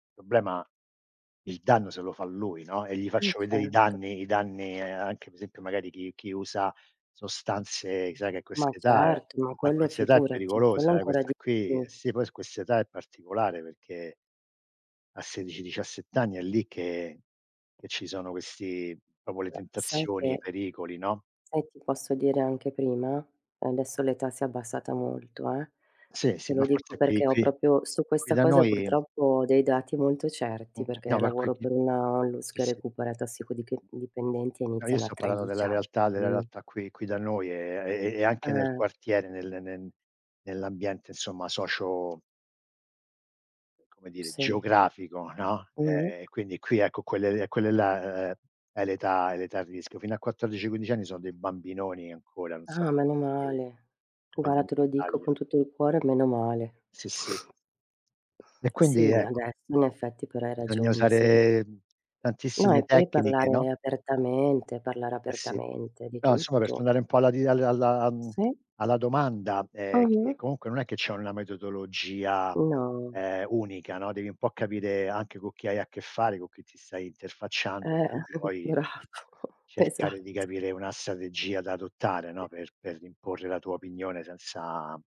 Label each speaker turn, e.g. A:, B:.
A: Il problema il danno se lo fa lui, no, e gli
B: E
A: faccio vedere i
B: certo.
A: danni i danni, anche per esempio magari chi chi usa sostanze sai che a
B: Ma
A: quest'età è
B: certo, ma
A: a
B: quello
A: quest'età è
B: figurati, quello
A: pericolosa, eh,
B: ancora
A: questa
B: di
A: qui eh,
B: più.
A: sì, poi s a quest'età è particolare perché a 16, 17 anni, è lì che che ci sono questi proprio le
B: [unintelligible] Sai
A: tentazioni, i
B: che
A: pericoli, no?
B: sai che ti posso dire anche prima? Adesso l'età si è abbassata molto, eh,
A: Sì, sì,
B: te lo
A: ma
B: dico
A: forse qui
B: perché ho
A: qui
B: proprio su
A: qui
B: questa
A: da
B: cosa
A: noi
B: purtroppo ho dei dati molto
A: Mh,
B: certi,
A: mh, no,
B: perché
A: ma
B: lavoro
A: qui
B: per una
A: [unintelligible]
B: ONLUS
A: sì,
B: che
A: sì.
B: recupera tossicodiche dipendenti e
A: No, io
B: iniziano a
A: sto parlando
B: 13
A: della realtà della
B: anni.
A: realtà qui qui da noi, e e e anche nel
B: Eh.
A: quartiere, nel nel nell'ambiente insomma socio c come dire,
B: Sì.
A: geografico, no,
B: Mh-mh.
A: e quindi qui ecco, quelle e quelle là e è l'età è l'età di rischio; fino a 14, 15 anni sono dei bambinoni ancora, non so
B: Ah, meno
A: come noi
B: male,
A: come da
B: guarda
A: noi
B: te
A: in
B: lo dico
A: Italia.
B: con tutto il cuore, meno male.
A: Sì, sì. E
B: Sì,
A: quindi ecco
B: adesso in effetti, però hai
A: bisogna
B: ragione, sì.
A: usare
B: No,
A: tantissime
B: e poi
A: tecniche, no?
B: parlare apertamente, parlare
A: Eh, sì.
B: apertamente di
A: No insomma, per
B: tutto.
A: tornare un po' alla di alla alla mhmm,
B: Sì.
A: alla domanda, ehm, che
B: Mh-mh.
A: comunque non è che c'è una metodologia,
B: No.
A: ehm, unica, no, devi un po' capire anche con chi hai a che fare, con chi ti stai interfacciando,
B: Eh
A: quindi poi,
B: bravo
A: cercare di
B: esatto.
A: capire una strategia da adottare, no, per per imporre la tua opinione senza